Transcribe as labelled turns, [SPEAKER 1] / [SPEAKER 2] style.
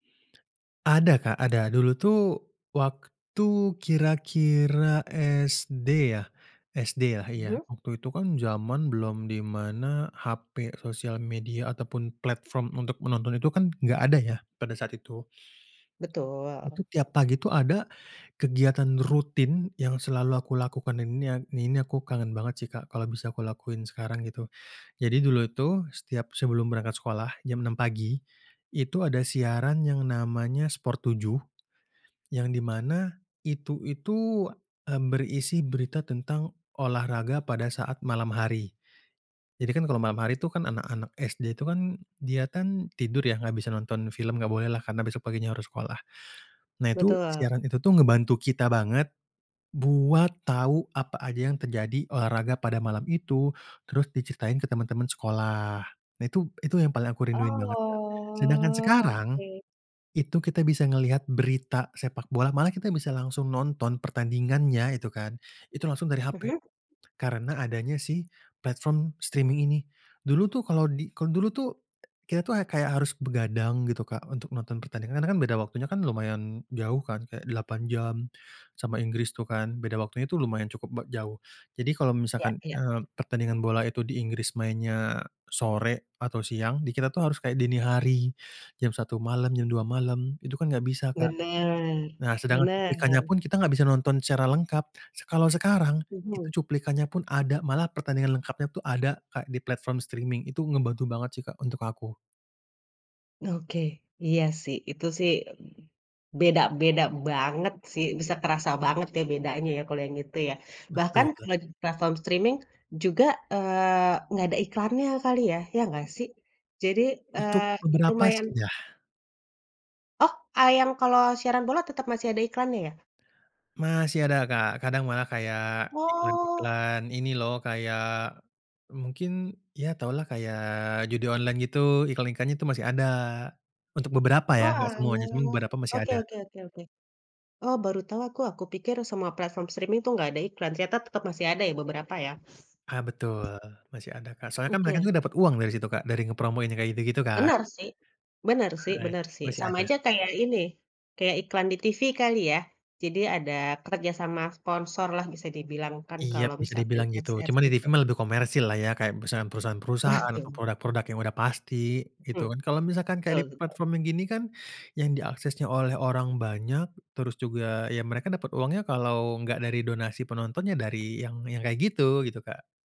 [SPEAKER 1] Ada, Kak, ada, dulu tuh waktu, kira-kira SD ya SD ya, iya
[SPEAKER 2] Mhm?
[SPEAKER 1] waktu itu kan zaman belum dimana HP, sosial media ataupun platform untuk menonton itu kan enggak ada ya pada saat itu.
[SPEAKER 2] Betul.
[SPEAKER 1] Itu tiap pagi ada kegiatan rutin yang selalu aku lakukan, dan ini ini aku kangen banget sih, Kak. Kalau bisa aku lakukan sekarang gitu. Jadi dulu itu, setiap sebelum berangkat sekolah jam 6.00 pagi, itu ada siaran yang namanya Sport 7, yang di mana itu itu, eee, berisi berita tentang olahraga pada saat malam hari. Jadi kan kalau malam hari itu kan anak-anak SD tu kan dia tidur, ya enggak bisa nonton film, enggak boleh lah, karena besok paginya harus sekolah. Nah, itu
[SPEAKER 2] Betul.
[SPEAKER 1] siaran itu tuh membantu kita banget buat tahu apa aja yang terjadi olahraga pada malam itu, terus diceritain ke teman-teman sekolah. Nah, itu itu yang paling aku rinduin banget. Sedangkan
[SPEAKER 2] Oh,
[SPEAKER 1] sekarang,
[SPEAKER 2] oke.
[SPEAKER 1] itu kita bisa melihat berita sepak bola, malah kita bisa langsung nonton pertandingannya itu kan, itu langsung dari HP
[SPEAKER 2] Mhm?
[SPEAKER 1] karena adanya platform si streaming ini. Dulu tuh kalau di dulu tuh kita tuh ya kayak harus begadang gitu, Kak, untuk nonton pertandingan, karena beda waktunya kan lumayan jauh, kan? Kayak 8 jam sama Inggris tuh kan beda waktunya lumayan cukup b jauh. Jadi kalau
[SPEAKER 2] Ya
[SPEAKER 1] misalkan,
[SPEAKER 2] ya.
[SPEAKER 1] eee, pertandingan bola itu di Inggris mainnya sore atau siang, di kita tuh harus kayak dini hari, jam 1.00 malam, jam 2.00 malam, itu kan enggak bisa, Kak.
[SPEAKER 2] Benar,
[SPEAKER 1] Nah, sedangkan cuplikannya
[SPEAKER 2] benar.
[SPEAKER 1] pun kita enggak bisa nonton secara lengkap. Kalau sekarang itu
[SPEAKER 2] Mhm.
[SPEAKER 1] cuplikannya pun ada, malah pertandingan lengkapnya tuh ada, Kak, di platform streaming. Itu ngebantu banget sih, Kak, untuk aku.
[SPEAKER 2] Oke, iya sih, itu sih b beda-beda banget sih, bisa kerasa banget ya bedanya ya kalau yang itu ya. Bahkan
[SPEAKER 1] Betul.
[SPEAKER 2] kalau di platform streaming juga, eee, engga ada iklannya kali ya, ya ngga sih? Jadi
[SPEAKER 1] Untuk
[SPEAKER 2] eee
[SPEAKER 1] beberapa sih
[SPEAKER 2] lumayan
[SPEAKER 1] iya.
[SPEAKER 2] Oh. Ah yang kalau siaran bola tetep masih ada iklannya ya?
[SPEAKER 1] Masih ada, Kak, kadang malah kayak
[SPEAKER 2] Oh.
[SPEAKER 1] iklan-iklan ini loh, kayak, mungkin ya tahulah kayak judi online gitu iklan-iklan nya itu masih ada untuk beberapa ya enggak
[SPEAKER 2] Oalah,
[SPEAKER 1] semuanya, cuma beberapa masih
[SPEAKER 2] oke
[SPEAKER 1] ada.
[SPEAKER 2] oke oke oke. Oh baru tahu aku aku pikir semua platform streaming tuh enggak ada iklan. Ternyata tetep masih ada beberapa ya?
[SPEAKER 1] Ah betul masih ada, Kak. Soalnya kan mereka juga
[SPEAKER 2] Oke.
[SPEAKER 1] dapat uang dari situ, Kak, dari ngepromoin kayak gitu-gitu kan.
[SPEAKER 2] Bener sih bener sih
[SPEAKER 1] Ah.
[SPEAKER 2] bener sih.
[SPEAKER 1] Masih
[SPEAKER 2] Sama
[SPEAKER 1] ada.
[SPEAKER 2] aja kayak ini, kayak iklan di TV kali ya? Jadi ada kerjasama sponsor lah bisa dibilang kan
[SPEAKER 1] Iyap
[SPEAKER 2] kalau
[SPEAKER 1] bisa
[SPEAKER 2] misalkan
[SPEAKER 1] dibilang gitu,
[SPEAKER 2] XX
[SPEAKER 1] cuma di TV
[SPEAKER 2] itu.
[SPEAKER 1] mah lebih komersil lah ya kayak perusahaan perusahaan
[SPEAKER 2] Wah,
[SPEAKER 1] perusahaan atau
[SPEAKER 2] tuh.
[SPEAKER 1] produk-produk yang udah pasti gitu
[SPEAKER 2] Hmm,
[SPEAKER 1] kan. Kalau misalkan kayak
[SPEAKER 2] betul
[SPEAKER 1] di
[SPEAKER 2] betul.
[SPEAKER 1] platform yang gini kan yang diaksesnya oleh orang banyak, terus juga, ya mereka dapet uangnya kalo enggak dari donasi penonton ya dari yang yang kaya gitu gitu, Kak.